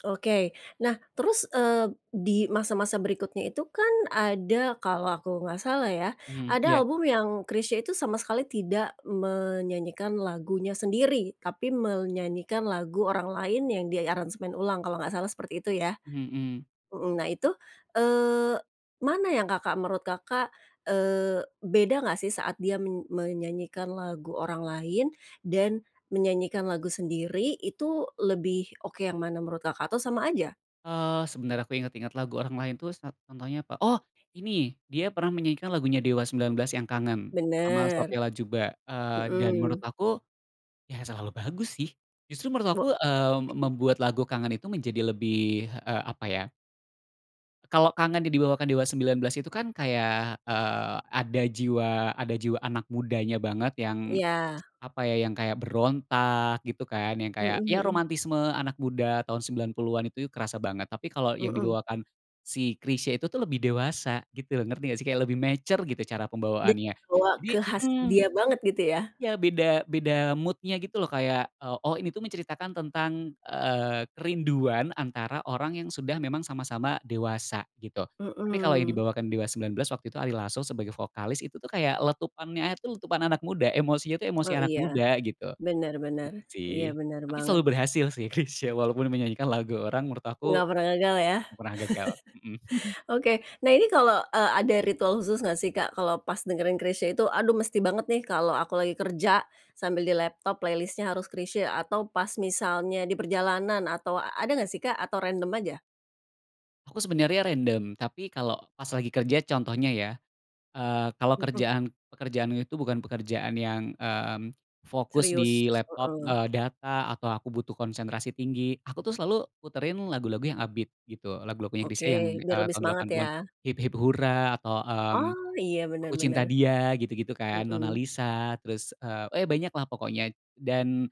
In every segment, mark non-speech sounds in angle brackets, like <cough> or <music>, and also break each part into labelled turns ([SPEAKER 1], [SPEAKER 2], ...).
[SPEAKER 1] Oke. Nah, terus, eee, di masa-masa berikutnya itu kan ada kalau aku nggak salah ya,
[SPEAKER 2] Hmm, iya.
[SPEAKER 1] ada album yang Chrisye itu sama sekali tidak menyanyikan lagunya sendiri, tapi menyanyikan lagu orang lain yang diaransemen ulang, kalau nggak salah seperti itu ya.
[SPEAKER 2] Hmm.
[SPEAKER 1] Mhm, nah itu, eee, mana yang Kakak menurut Kakak, eee, beda nggak sih saat dia men menyanyikan lagu orang lain dan menyanyikan lagu sendiri, itu lebih oke yang mana menurut Kakak? Atau sama aja?
[SPEAKER 2] Eee, sebentar aku inget-inget lagu orang lain tuh sat contohnya apa, oh ini, dia pernah menyanyikan lagunya Dewa 19 yang "Kangen" sama
[SPEAKER 1] Bener,
[SPEAKER 2] Sophia Latjuba, eee, dan menurut
[SPEAKER 1] hmm.
[SPEAKER 2] aku, ya selalu bagus sih. Justru menurut aku,
[SPEAKER 1] Bo
[SPEAKER 2] eee, me membuat lagu "Kangen" itu menjadi lebih, eee, apa ya. Kalo Kangen yang dibawakan Dewa 19 itu kan kayak, eee, ada jiwa ada jiwa anak mudanya banget, yang
[SPEAKER 1] Iya.
[SPEAKER 2] apa ya, yang kayak berontak gitu kan, yang kayak,
[SPEAKER 1] Mhm
[SPEAKER 2] ya
[SPEAKER 1] mhm.
[SPEAKER 2] romantisme anak muda tahun 90-an itu ya kerasa banget. Tapi kalau yang
[SPEAKER 1] Mhm.
[SPEAKER 2] dibawakan si Chrisye itu tuh lebih dewasa, gitu, ngerti nggak sih, kayak lebih mature gitu cara
[SPEAKER 1] Dik
[SPEAKER 2] pembawaannya.
[SPEAKER 1] bawa
[SPEAKER 2] Jadi
[SPEAKER 1] ke khas
[SPEAKER 2] mhm.
[SPEAKER 1] dia banget gitu ya?
[SPEAKER 2] Ya beda beda mood-nya gitu loh, kayak, eee, oh ini tuh menceritakan tentang, eee, kerinduan antara orang yang sudah memang sama-sama dewasa gitu. Tapi kalau yang
[SPEAKER 1] Mmm.
[SPEAKER 2] dibawakan Dewa 19 waktu itu Ari Lasso sebagai vokalis, itu tuh kayak letupannya itu letupan anak muda, emosinya tuh emosi
[SPEAKER 1] Oh,
[SPEAKER 2] anak
[SPEAKER 1] iya.
[SPEAKER 2] muda gitu.
[SPEAKER 1] Bener bener.
[SPEAKER 2] Gitu sih.
[SPEAKER 1] Iya, bener
[SPEAKER 2] Tapi
[SPEAKER 1] banget.
[SPEAKER 2] selalu berhasil sih Chrisye, walaupun menyanyikan lagu orang menurut aku,
[SPEAKER 1] Nggak pernah gagal ya.
[SPEAKER 2] nggak pernah gagal. Mmm. <chuckles>
[SPEAKER 1] <chuckles> Oke, nah ini kalo, eee, ada ritual khusus nggak sih, Kak, kalo pas dengerin Chrisye itu, "Aduh, mesti banget nih kalo aku lagi kerja sambil di laptop playlist-nya harus Chrisye," atau pas misalnya di perjalanan atau ada nggak sih, Kak, atau random aja?
[SPEAKER 2] Aku sebenernya random, tapi kalo pas lagi kerja contohnya ya, eee, kalo
[SPEAKER 1] Mhm.
[SPEAKER 2] kerjaan, pekerjaannya itu bukan pekerjaan yang, mmm, fokus
[SPEAKER 1] Serius?
[SPEAKER 2] di laptop,
[SPEAKER 1] Heeh.
[SPEAKER 2] eee, data atau aku butuh konsentrasi tinggi, aku tuh selalu puterin lagu-lagu yang upbeat gitu. Lagu-lagunya
[SPEAKER 1] Oke,
[SPEAKER 2] Chrisye yang,
[SPEAKER 1] biar
[SPEAKER 2] eee,
[SPEAKER 1] lebih
[SPEAKER 2] tahun delapan
[SPEAKER 1] semangat
[SPEAKER 2] puluhan,
[SPEAKER 1] ya.
[SPEAKER 2] "Hip-hip Hura," atau, mmm,
[SPEAKER 1] Oh, iya, bener
[SPEAKER 2] "Aku Cinta
[SPEAKER 1] bener.
[SPEAKER 2] Dia" gitu-gitu kan, "Nona
[SPEAKER 1] Mhm.
[SPEAKER 2] Lisa," terus, eee, eh banyaklah pokoknya. Dan,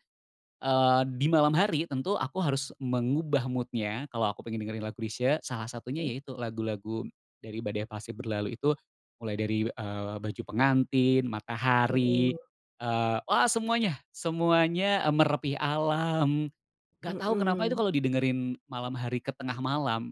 [SPEAKER 2] eee, di malam hari tentu aku harus mengubah mood-nya kalo aku pengen dengerin lagu Chrisye, salah satunya
[SPEAKER 1] Hmm.
[SPEAKER 2] yaitu lagu-lagu dari "Badai Pasti Berlalu" itu, mulai dari, eee, "Baju Pengantin," "Matahari,"
[SPEAKER 1] Mhm.
[SPEAKER 2] eee, wah semuanya semuanya, eee, "Merepih Alam." Nggak tau kenapa itu
[SPEAKER 1] Mmm.
[SPEAKER 2] kalo didengerin malam hari ke tengah malam